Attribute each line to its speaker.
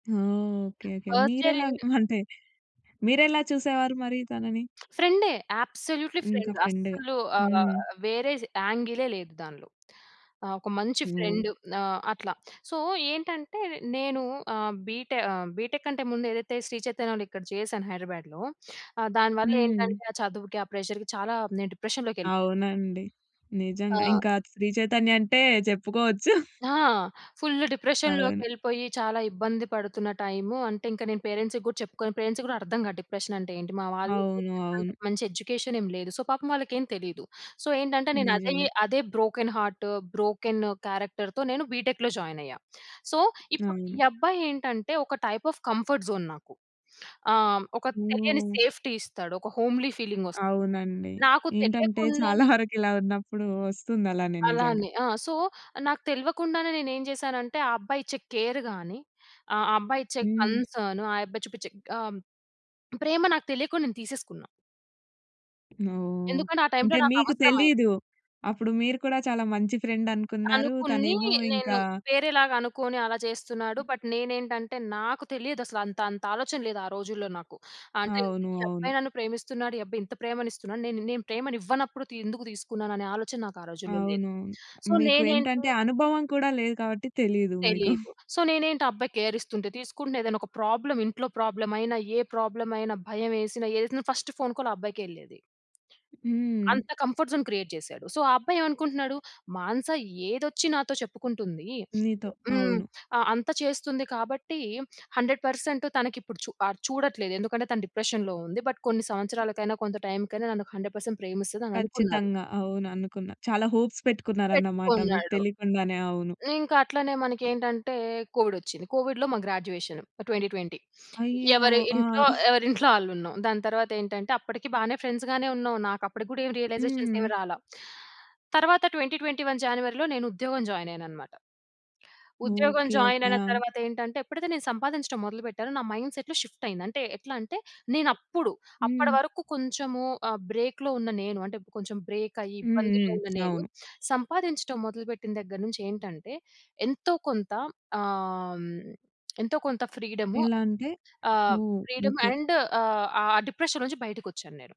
Speaker 1: ఓహ్! Okay. Okay.
Speaker 2: First year
Speaker 1: మీరెలాగ
Speaker 2: and
Speaker 1: అంటే, మీరెలా చూసేవారు మరి తనని?
Speaker 2: ఫ్రెండే, అబ్సొల్యూట్‌లీ
Speaker 1: ఇంకా
Speaker 2: ఫ్రెండ్
Speaker 1: ఫ్రెండ్‌గా
Speaker 2: అస్సలు ఆహ్,
Speaker 1: హ్మ్.
Speaker 2: వేరేది యాంగిలే లేదు దాన్లో. ఆహ్, ఒక మంచి
Speaker 1: నో.
Speaker 2: ఫ్రెండ్ నా అట్లా. సో, ఏంటంటే నేను ఆహ్, బీటె ఆహ్, బీటెక్ కంటే ముందు ఏదైతే శ్రీ చైతన్య‌లో ఇక్కడ చేశాను హైదరాబాద్‌లో, ఆహ్, దాని
Speaker 1: హ్మ్.
Speaker 2: వల్లేంటంటే ఆ చదువుకి, ఆ ప్రెజర్‌కి చాలా, నేను డిప్రెషన్‌లోకెళ్ళిపోయా.
Speaker 1: అవునండి. నిజంగా,
Speaker 2: ఆ!
Speaker 1: ఇంకా శ్రీ చైతన్య అంటే చెప్పుకోవచ్చు.
Speaker 2: ఆ! ఫుల్లు
Speaker 1: అవును.
Speaker 2: డిప్రెషన్‌లోకెళ్ళిపోయి చాలా ఇబ్బంది పడుతున్న టైము, అంటే ఇంక నేను పేరెంట్స్‌కి గూడా చెప్పుకోను పేరెంట్స్‌కి గూడా అర్థం గాదు. డిప్రెషనంటే ఏంటి? మా వాళ్ళకి,
Speaker 1: అవును.
Speaker 2: అంత
Speaker 1: అవును.
Speaker 2: మంచి ఎడ్యుకేషనేం లేదు. సో, పాపం వాళ్ళకేం తెలీదు. సో, ఏంటంటే నేనదే
Speaker 1: నిజమే.
Speaker 2: అదే బ్రోకెన్ హార్ట్, బ్రోకెన్ క్యారెక్టర్‌తో నేను బీటెక్‌లో జాయినయ్యా. సో, ఇప్పుడు ఈ
Speaker 1: అవును.
Speaker 2: అబ్బాయేంటంటే, ఒక టైప్ ఆఫ్ కంఫర్ట్ జోన్ నాకు. ఆహ్, ఒక తెలియని
Speaker 1: హ్మ్.
Speaker 2: సేఫ్టీ ఇస్తాడు. ఒక హోమ్‌లీ ఫీలింగొస్
Speaker 1: అవునండి.
Speaker 2: నాకు
Speaker 1: ఏంటంటే, చాలా
Speaker 2: తెలియకుండానే
Speaker 1: వరకిలా ఉన్నప్పుడు వస్తుందలానే నిజంగా.
Speaker 2: అలానే. ఆ! సో, నాకు తెల్వకుండానే నేనేం జేశానంటే, ఆ అబ్బాయిచ్చే కేర్ గాని, ఆ ఆ అబ్బాయిచ్చే
Speaker 1: హ్మ్.
Speaker 2: కన్సర్న్, ఆ యబ్బాయి చూపిచ్చే ఆం ప్రేమ నాకు తెలియకుండా నేను తీసేసుకున్నా.
Speaker 1: ఓహ్!
Speaker 2: ఎందుకంటే ఆ టైంలో
Speaker 1: అంటే మీకు
Speaker 2: నాకవసరమైయి
Speaker 1: తెలీదు. అప్పుడు మీరు కూడా చాలా మంచి ఫ్రెండనుకున్నారు.
Speaker 2: అనుకుని
Speaker 1: తనేమో
Speaker 2: నేను,
Speaker 1: ఇంకా
Speaker 2: వేరేలాగనుకుని అలా జేస్తున్నాడు. బట్ నేనేంటంటే, నాకు తెలియదసల అంతంతాలోచన లేదు, ఆ రోజుల్లో నాకు. అంటే, ఇంతే
Speaker 1: అవును.
Speaker 2: ఈ
Speaker 1: అవును.
Speaker 2: అబ్బాయి నన్ను ప్రేమిస్తున్నాడు, ఈ అబ్బాయింత ప్రేమనిస్తున్నాడు, నేనిన్నేం ప్రేమనివ్వనప్పుడు తి ఎందుకు తీసుకున్నాననే ఆలోచన నాకా రోజుల్లో లేదు.
Speaker 1: అవునవును.
Speaker 2: సో,
Speaker 1: మీకు
Speaker 2: నేనేంటో
Speaker 1: ఏంటంటే, అనుభవం కూడా లేదు కాబట్టి తెలీదు మీకు.
Speaker 2: తెలీదు. సో, నేనేంటి ఆ అబ్బాయి కేరిస్తుంటే తీసుకుండే, ఏదన్నొక ప్రాబ్లమ్, ఇంట్లో ప్రాబ్లమయినా, ఏ ప్రాబ్లమయినా, భయమేసిన, ఏదేసినా ఫస్ట్ ఫోన్ కాల్ ఆ అబ్బాయికెళ్ళేది.
Speaker 1: హ్మ్.
Speaker 2: అంత కంఫర్ట్ జోన్ క్రియేట్ జేశాడు. సో, ఆ అబ్బాయేవనుకుంటున్నాడు, మానస ఏదొచ్చినాతో చెప్పుకుంటుందీ!
Speaker 1: నీతో.
Speaker 2: య హ్మ్.
Speaker 1: అవును.
Speaker 2: ఆహ్, అంత చేస్తుంది కాబట్టీ 100% తనకిప్పుడు చూ ఆహ్, చూడట్లేదు. ఎందుకంటే తను డిప్రెషన్‌లో ఉంది. బట్ కొన్ని సంవత్సరాలకైనా, కొంత టైంకైనా నన్ను 100% ప్రేమిస్తదననుకున్నాడు.
Speaker 1: ఖచ్చితంగా. అవుననుకున్నా, చాలా హోప్స్ పెట్టుకున్నారన్నమాట, మీకు
Speaker 2: పెట్టుకున్నాడు.
Speaker 1: తెలియకుండానే. అవును.
Speaker 2: ఇంకట్లనే మనకేంటంటే కోవిడొచ్చింది. కోవిడ్‌లో మా గ్రాడ్యుయేషను. 2020
Speaker 1: అయ్యో
Speaker 2: ఎవరి
Speaker 1: ఆ!
Speaker 2: ఇంట్లో ఎవరింట్లో ఆళ్ళుంన్నాం. దాని తరువాతేంటంటే, అప్పటికీ బానే ఫ్రెండ్స్ గానే ఉన్నాం. నాకప్పడికి గూడా ఏమీ రియలైజేషన్స్ ఏవి
Speaker 1: హ్మ్.
Speaker 2: రాలా. తరవాత 2021 జానివరిలో నేనుద్యోగం జాయినయ్యాననమాట. ఉద్యోగం
Speaker 1: ఓకే. ఓకే.
Speaker 2: జాయినయిన
Speaker 1: ఆ!
Speaker 2: తరువాతేంటంటే, ఎప్పుడైతే నేను సంపాదించడం మొదలుపెట్టానో, నా మైండ్‌సెట్‌‌లో షిఫ్టయింది. అంటే, ఎట్లా అంటే, నేనప్పుడు, అప్పడి
Speaker 1: హ్మ్.
Speaker 2: వరకు కొంచెము ఆహ్, బ్రేక్‌లో ఉన్న నేను, అంటే, కొంచెం బ్రేకయ్యి
Speaker 1: హ్మ్.
Speaker 2: ఇబ్బందుల్లో
Speaker 1: హ్మ్.
Speaker 2: ఉన్న నేను,
Speaker 1: అవును.
Speaker 2: సంపాదించడం మొదలుపెట్టిన దెగ్గరనుంచేంటంటే, ఎంతో కొంత ఆం ఎంతో కొంత ఫ్రీడము
Speaker 1: ఎలా అంటే
Speaker 2: ఆహ్,
Speaker 1: ఓహ్!
Speaker 2: Freedom
Speaker 1: okay.
Speaker 2: అండ్ ఆహ్, ఆ డిప్రెషన్ నుంచి బయటకొచ్చాన్నేను.